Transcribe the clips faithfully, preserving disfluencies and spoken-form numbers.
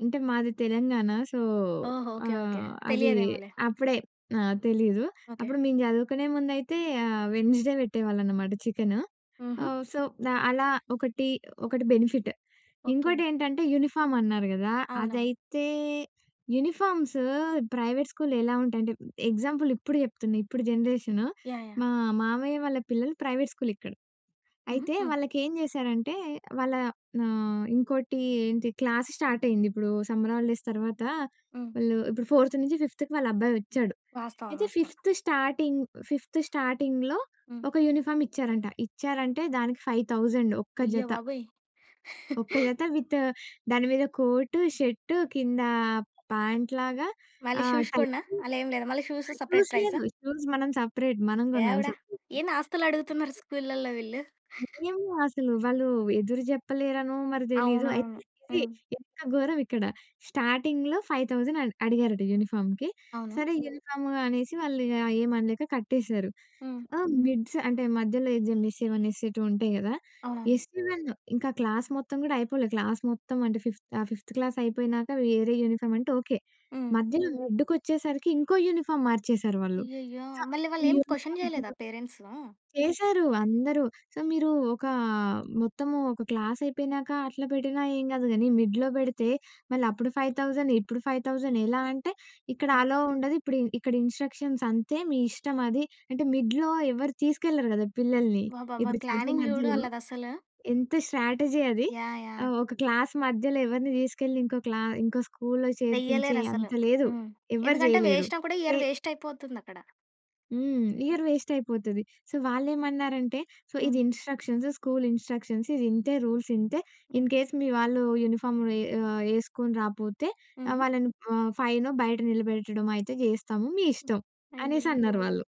అంటే మాది తెలంగాణ. సో ఓహో! ఓకే. ఓకే. ఆహ్, అది తెలియదేమోలే. అప్పుడే ఆహ్, తెలీదు. ఓకే. అప్పుడు మేము జదువుకునే ముందైతే ఆహ్, వెడ్న‌‌స్డే వెట్టేవాళ్ళనమాట చికెన్. హుహు. ఆహ్, సో ఆహ్, అలా ఒకటి ఒకటి బెనిఫిట్. ఓకే. ఇంకోటేంటంటే యూనిఫార్మ్ అన్నారు గదా! అవునవును. అదైతే యూనిఫార్మ్స్ ప్రైవేట్ స్కూల్ ఎలా ఉంటాయంటే, ఎగ్జాంపుల్ ఇప్పుడు జేప్తున్నా ఇప్పుడు జనరేషన్. యాహ్! యాహ్! మా మామయ్య వాళ్ళ పిల్లలు ప్రైవేట్ స్కూల్ ఇక్కడ. హుహు. అయితే హ్మ్. వాళ్ళకి ఏం చేశారంటే వాళ్ళ ఆహ్, ఇంకోటి ఏంటి క్లాస్ స్టార్ట్ అయింది. ఇప్పుడు సమ్మర్ హాలిడేస్ తర్వాత హ్మ్. వాళ్ళు ఇప్పుడు ఫోర్త్ నుంచి ఫిఫ్త్‌కి వాళ్ళ అబ్బాయి ఒచ్చాడు. వాస్తవం. అయితే వాస్తవం. ఫిఫ్త్ స్టార్టింగ్, ఫిఫ్త్ స్టార్టింగ్‌లో హ్మ్. ఒక యూనిఫార్మ్ ఇచ్చారంట. ఇచ్చారంటే దానికి ఫైవ్ థౌసండ్ ఒక్క అయ్య జత. బాబోయ్! ఒక్క జత విత్ దాని మీద కోటు, షర్టు కింద ప్యాంట్ లాగా మళ్ళీ ఆహ్, షూస్ కూడనా, టైయ్యి. అలా ఏమి లేదా? మళ్ళీ షూస్ ఆహ్, సెపరేట్ షూస్ ప్రైసా. లేదు. షూస్ మనం సెపరేట్, మనం గొనాలి దేవుడ! సెపరేట్‌గా. ఏంది ఆస్తులు అడుగుతున్నారు స్కూల్లలో వీళ్ళు. ఏమో అసలు వాళ్ళు ఎదురు జెప్పలేరనో మరి దెలీదు. అయితే అవునవును. ఇది హ్మ్. ఎంత ఘోరం ఇక్కడ. స్టార్టింగ్‌లో ఫైవ్ థౌసండ్ అడ్ అడిగారట యూనిఫార్మ్‌కి. అవును. సరే యెల్దాము అనేసి వాళ్ళు ఇగ ఏం అనలేక కట్టేసారు. హ్మ్. ఆ మిడ్స్ అంటే మధ్యలో ఇదేంటి ఎస్ఎ-1, ఎస్ఎ-2 ఉంటాయి గదా! అవును. ఎస్ఎ-1, ఇంక ఆ క్లాస్ మొత్తం గూడా అయిపోలే, క్లాస్ మొత్తం అంటే ఫిఫ్త్ ఆ ఫిఫ్త్ క్లాస్ అయిపోయినాక వేరే యూనిఫార్మ్ అంటే ఓకే. హ్మ్. మధ్యలో మిడ్డుకొచ్చేసరికి ఇంకో యూనిఫార్మ్ మార్చేసారు వాళ్ళు. అయ్యయ్యో! సో మళ్ళి వాళ్ళు ఈ ఏం క్వశ్చన్ యూనీఫార్మ్ జేయలేదా చూడు పేరెంట్సు. చేశారు అందరూ. సో "మీరు ఒకా మొత్తము ఒక క్లాస్ అయిపోయినాక అట్లా బెట్టినా ఏం కాదు గానీ మిడ్‌లో బెడితే మళ్ళీ అప్పుడు ఫైవ్ థౌసండ్ ఇప్పుడు ఫైవ్ థౌసండ్ ఎలా?" అంటే "ఇక్కడ హ్మ్. అలో ఉండదు ఇప్పుడి, ఇక్కడ ఇన్‌స్ట్రక్షన్స్ అంతే మీ ఇష్టం అది." అంటే మిడ్‌లో ఎవరు తీసుకెళ్లరు గదా! పిల్లల్ని. అబ్బబ్బబ్బా! ఇప్పుడు చదువు ప్లానింగ్ జూడు మధ్యలో ఆళ్ళదసలు. ఎంత స్ట్రాటజీ అది. యాహ్! యాహ్! ఆహ్, ఒక క్లాస్ మధ్యలో ఎవరిని తీసుకెళ్ళి ఇంకో క్లా ఇంకో స్కూల్‌లో చేర్పించే వెయ్యలేరసలు అంత లేదు. హ్మ్. ఎవ్వరు ఎందుకంటే జేయలేరు. వేశినా కూడా చే ఇయర్ వేస్ట్ అయిపోతుందక్కడ. హ్మ్. ఇయర్ వెస్ట్ అయిపోతది. సో వాళ్ళేమన్నారంటే "సో ఇది హ్మ్. ఇన్‌స్ట్రక్షన్స్, స్కూల్ ఇన్‌స్ట్రక్షన్స్ ఇది ఇంతే. రూల్స్ ఇంతే. హ్మ్. ఇన్‌కేస్ మీ వాళ్ళు యూనిఫార్మ్ యే ఆహ్, ఎసుకొని రాకపోతే ఆహ్, హుహు. వాళ్ళని ఆహ్, ఫైనో బయట నిలబెట్టడం అయితే జేస్తాము, మీ ఇష్టం." అనేసి అయ్యయ్యో! అన్నారు వాళ్ళు.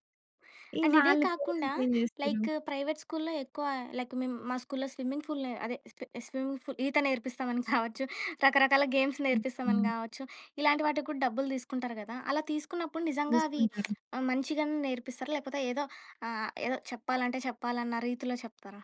ఇగ అండ్ ఇదే వాళ్ళ కాకుండా పేరెంట్స్ ఏం చేస్తారు? లైక్ ప్రైవేట్ స్కూల్‌లో ఎక్కువ లైక్ మేము మా స్కూల్‌లో స్విమ్మింగ్ పూల్ నే అదే స్విమ్మింగ్ పూల్ ఈత నేర్పిస్తామని కావచ్చు, రకరకాల గేమ్స్ నేర్పిస్తామని హుహు. గావచ్చు, ఇలాంటి వాటికి గూడా డబ్బులు దీసుకుంటారు గదా! అలా తీసుకున్నప్పుడు నిజంగా అవి తీసుకుంటారు. ఆహ్, మంచిగానే నేర్పిస్తారా? లేకపోతే ఏదో ఆహ్, ఏదో చెప్పాలంటే చెప్పాలన్న రీతిలో చెప్తారా?